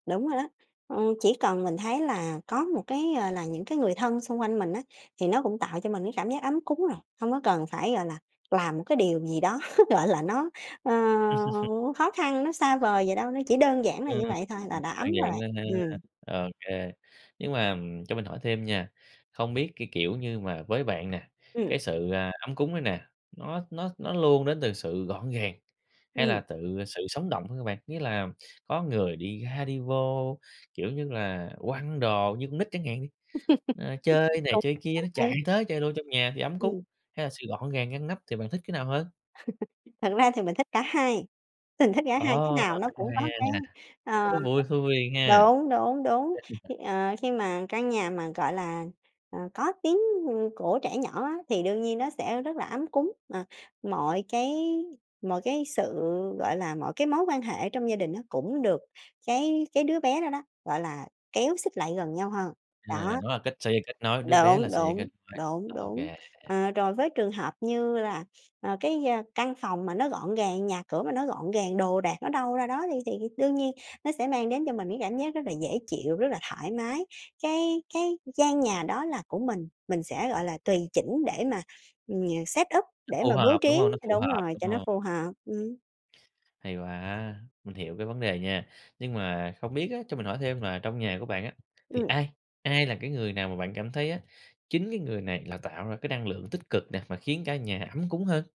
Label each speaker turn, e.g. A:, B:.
A: Đúng rồi đó, ừm, chỉ cần mình thấy là có một cái, ờ, là những cái người thân xung quanh mình á, thì nó cũng tạo cho mình cái cảm giác ấm cúng rồi. Hông có cần phải, gọi là, làm một cái điều gì đó, gọi là, nó, ờ, khó khăn, nó xa vời vậy đâu, nó chỉ đơn giản là
B: Ừm,
A: như vậy thôi là đã
B: à,
A: ấm rồi,
B: dạng nên ha,
A: ừm.
B: ô kê, nhưng mà, ừm, cho mình hỏi thêm nha, không biết cái, kiểu như mà, với bạn nè,
A: Ừm.
B: cái sự, ờ, ấm cúng này nè, nó nó nó luôn đến từ sự gọn gàng, hay là
A: Ừm.
B: tự sự sống động hơn hả bạn? Nghĩa là có người đi ra đi vô, kiểu như là, quăng đồ như con nít chẳng hạn đi, ờ, chơi này chơi kia nó chạy
A: Cũng [unintelligible]
B: tới chơi đô trong nhà thì ấm cúng,
A: Ừm.
B: hay là sự gọn gàng ngăn nắp, thì bạn thích cái nào hơn?
A: Thật ra thì mình thích cả hai, mình thích cả hai, cái
B: Ồ!
A: nào nó
B: Cũng
A: cũng có
B: hay
A: cái
B: nè,
A: ờ,
B: nó vui khui ha.
A: đúng, đúng, đúng. Khi, ờ, khi mà căn nhà mà, gọi là, ờ, có tiếng, ừm, của trẻ nhỏ á, thì đương nhiên nó sẽ rất là ấm cúng, à, mọi cái mọi cái sự, gọi là, mọi cái mối quan hệ trong gia đình á cũng được cái cái đứa bé đó đó, gọi là, kéo xích lại gần nhau hơn,
B: À,
A: đó.
B: nó là cách xây kết nối, đứa bé là
A: Đúng,
B: sợi dây kết
A: đúng,
B: nối,
A: đúng,
B: ô
A: đúng.
B: kê.
A: Ờ, rồi với trường hợp như là, ờ, cái gia căn phòng mà nó gọn gàng, nhà cửa mà nó gọn gàng, đồ đạc nó đâu ra đó đi thì đương nhiên nó sẽ mang đến cho mình cái cảm giác rất là dễ chịu, rất là thoải mái. Cái cái gian nhà đó là của mình, mình sẽ, gọi là, tùy chỉnh để mà, ừm, nh set up,
B: Nó
A: để
B: phù
A: mà bố
B: hợp, đúng
A: trí
B: hông? Nó
A: th
B: phù
A: đúng
B: hợp,
A: rồi,
B: đúng
A: cho nó
B: hông?
A: phù hợp, ừm.
B: Hay quá, mình hiểu cái vấn đề nha. Nhưng mà không biết á, cho mình hỏi thêm là trong nhà của bạn á, thì
A: Ừm.
B: ai? Ai là cái người nào mà bạn cảm thấy á, chính cái người này là tạo ra cái năng lượng tích cực nè, mà khiến cả nhà ấm cúng hơn?